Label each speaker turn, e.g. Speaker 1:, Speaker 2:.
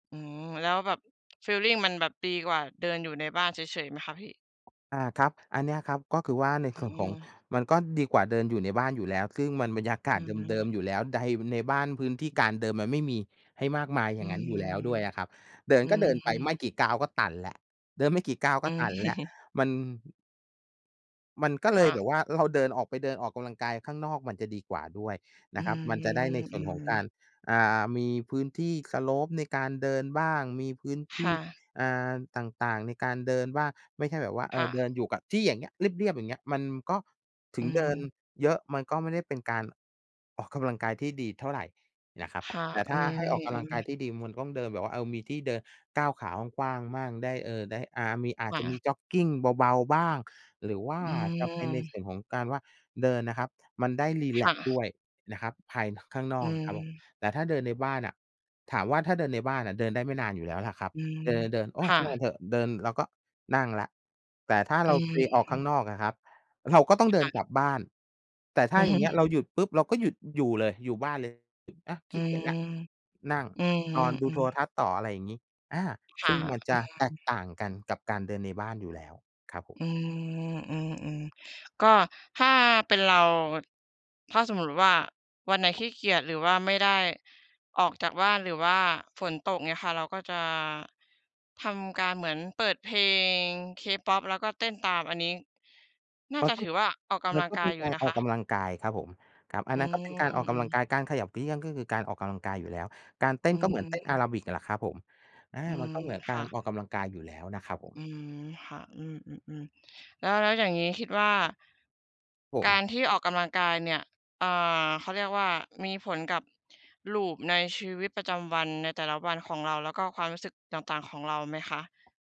Speaker 1: อืม แล้วแบบ ฟีลลิงมันแบบดีกว่าเดินอยู่ในบ้านเฉย ๆ ไหมคะพี่?
Speaker 2: อา ครับ อันเนี้ยครับ ก็คือว่าใน
Speaker 1: อื
Speaker 2: ส่วนของ
Speaker 1: ม
Speaker 2: มันก็ดีกว่าเดินอยู่ในบ้านอยู่แล้ว ซึ่งมันบรรยาก
Speaker 1: อ
Speaker 2: า
Speaker 1: ื
Speaker 2: ศเดิ
Speaker 1: ม
Speaker 2: ม ๆ อยู่แล้ว ได บันไดบ้านพื้นที่การเดินมันไม่มีให้มากมายอ
Speaker 1: อ
Speaker 2: ย
Speaker 1: ื
Speaker 2: ่างงั้น
Speaker 1: ม
Speaker 2: อยู่แล้วด้วยอะครับ เดิน
Speaker 1: อื
Speaker 2: ก็เดินไปไม
Speaker 1: ม
Speaker 2: ่กี่ก้าวก็ตันแล้ว เดินไม่กี่ก้าวก
Speaker 1: อ
Speaker 2: ็
Speaker 1: ื
Speaker 2: ต
Speaker 1: ม
Speaker 2: ันแล้ว มัน มันก็เ
Speaker 1: ค
Speaker 2: ล
Speaker 1: ่
Speaker 2: ยแบ
Speaker 1: ะ
Speaker 2: บว่า เรา เดินออกไปเดินออกกำลังกายข้างนอกมันจะดีกว่าด้วย
Speaker 1: อ
Speaker 2: น
Speaker 1: ื
Speaker 2: ะครับ มันจะ
Speaker 1: ม
Speaker 2: ได้ในส
Speaker 1: อ
Speaker 2: ่
Speaker 1: ื
Speaker 2: วนของกา
Speaker 1: ม
Speaker 2: ร อ่า มีพื้นที่ Slope ในการเดินบ้างมีพื้นท
Speaker 1: ค
Speaker 2: ี
Speaker 1: ่
Speaker 2: ่
Speaker 1: ะ
Speaker 2: อ่า ต่าง ๆ ในการเดินบ้าง ไม่ใช่แบบว่า เอ
Speaker 1: ค่
Speaker 2: อ เด
Speaker 1: ะ
Speaker 2: ินอยู่กับที่อย่างเงี้ย เรียบ ๆ อย่างเงี้ย มันก็ ถ
Speaker 1: อ
Speaker 2: ึ
Speaker 1: ื
Speaker 2: งเดิน
Speaker 1: ม
Speaker 2: เยอะ มันก็ไม่ได้เป็นการ ออกกำลังกายที่ดีเท่าไรนะครับ
Speaker 1: ค่ะ
Speaker 2: แต่
Speaker 1: อ
Speaker 2: ถ
Speaker 1: ื
Speaker 2: ้าให้ออกก
Speaker 1: ม
Speaker 2: ำลังกา
Speaker 1: ๆ
Speaker 2: ยที่ดีมันต้องเดินแบบว่า เออ มีที่เดินก้าวขากว้าง ๆ มั่ง ได้ เออ ได้ อา อา
Speaker 1: ค
Speaker 2: จ
Speaker 1: ่
Speaker 2: จะม
Speaker 1: ะ
Speaker 2: ีจ็อกกิงเบา ๆ บ้าง หรือว่า
Speaker 1: อื
Speaker 2: จะเป็นใน
Speaker 1: ม
Speaker 2: ส่วนของการว่าเดินนะครับ มันได้รี
Speaker 1: ค
Speaker 2: แล
Speaker 1: ่
Speaker 2: กซ์
Speaker 1: ะ
Speaker 2: ด้วยนะครับภาย น ข้างน
Speaker 1: อ
Speaker 2: อ
Speaker 1: ื
Speaker 2: กนะครับผม
Speaker 1: ม
Speaker 2: แต่ถ้าเดินในบ้านอะ ถามว่าถ้าเดินในบ้านอะเดินได้ไม่นานอยู่แล้วล่ะครับ
Speaker 1: อืม
Speaker 2: เดิน ๆ ๆ โอ้
Speaker 1: ค่
Speaker 2: ช่าง
Speaker 1: ะ
Speaker 2: มันเถอะ เดินแล้วก็นั่งแล้ว แต่ถ้า
Speaker 1: อ
Speaker 2: เ
Speaker 1: ื
Speaker 2: ราไปออกข้า
Speaker 1: ม
Speaker 2: งนอกอะครับ เราก็ต้อง
Speaker 1: ค
Speaker 2: เดิ
Speaker 1: ่
Speaker 2: นก
Speaker 1: ะ
Speaker 2: ลับบ้าน แต่ถ
Speaker 1: อ
Speaker 2: ้
Speaker 1: ื
Speaker 2: าอย่างเงี้ยเร
Speaker 1: ม
Speaker 2: าหยุดปุ๊บ เราก็หยุดอยู่เลยอยู่บ้านเลย อะ
Speaker 1: อ
Speaker 2: ข
Speaker 1: ื
Speaker 2: ี้เกี
Speaker 1: ม
Speaker 2: ยจแล้ว นั่ง
Speaker 1: อื
Speaker 2: นอนดูโท
Speaker 1: ม
Speaker 2: ร
Speaker 1: ๆ ๆ
Speaker 2: ทัศน์ต่อ อะไรอย่างนี้ อา
Speaker 1: ค
Speaker 2: ซ
Speaker 1: ่ะ
Speaker 2: ึ่งมัน
Speaker 1: เอ
Speaker 2: จ
Speaker 1: อ
Speaker 2: ะแตกต่างกันกับการเดินในบ้านอยู่แล้วครับผม
Speaker 1: อืม อืม ๆ ก็ถ้าเป็นเรา ถ้าสมมุติว่า วันไหน ขี้เกียจ หรือว่าไม่ได้ออกจากบ้าน หรือว่าฝนตก เงี้ยค่ะ เราก็จะ ทำการเหมือนเปิดเพลง K-pop แล้วก็เต้นตาม อันนี้ น่า
Speaker 2: มั
Speaker 1: จ
Speaker 2: น
Speaker 1: ะ
Speaker 2: ก็
Speaker 1: ถือว่า ออกก
Speaker 2: ม
Speaker 1: ำ
Speaker 2: ั
Speaker 1: ล
Speaker 2: น
Speaker 1: ัง
Speaker 2: ก็
Speaker 1: ก
Speaker 2: เ
Speaker 1: า
Speaker 2: ป็
Speaker 1: ย
Speaker 2: น
Speaker 1: อยู
Speaker 2: ก
Speaker 1: ่
Speaker 2: าร
Speaker 1: นะ
Speaker 2: อ
Speaker 1: ค
Speaker 2: อกก
Speaker 1: ะ
Speaker 2: ำลังกายครับผม ครับ อั
Speaker 1: อื
Speaker 2: นนั้นก็เป็น
Speaker 1: ม
Speaker 2: การออกก
Speaker 1: อื
Speaker 2: ำล
Speaker 1: อ
Speaker 2: ัง
Speaker 1: ๆ
Speaker 2: กาย การขยับเขยื้อน ก็คือการออกกำลังกายอยู่แล้ว การเต้
Speaker 1: อื
Speaker 2: นก็เหมือนเต้นอา
Speaker 1: ม
Speaker 2: ราบิก แหละครับผม อา
Speaker 1: อื
Speaker 2: มั
Speaker 1: ม
Speaker 2: นก็เหมือน
Speaker 1: ค
Speaker 2: กา
Speaker 1: ่
Speaker 2: ร
Speaker 1: ะ
Speaker 2: ออกกำลังกายอยู่แล้วนะครับผม
Speaker 1: อืม ค่ะ อืม ๆ ๆ แล้ว แล้วอย่างงี้คิดว่า
Speaker 2: ผ
Speaker 1: กา
Speaker 2: ม
Speaker 1: รที่ออกกำลังกายเนี่ย อ่า เขาเรียกว่า มีผลกับ loop ในชีวิตประจำวัน ในแต่ละวันของเรา แล้วก็ความรู้สึกต่าง ๆ ของเราไหมคะ?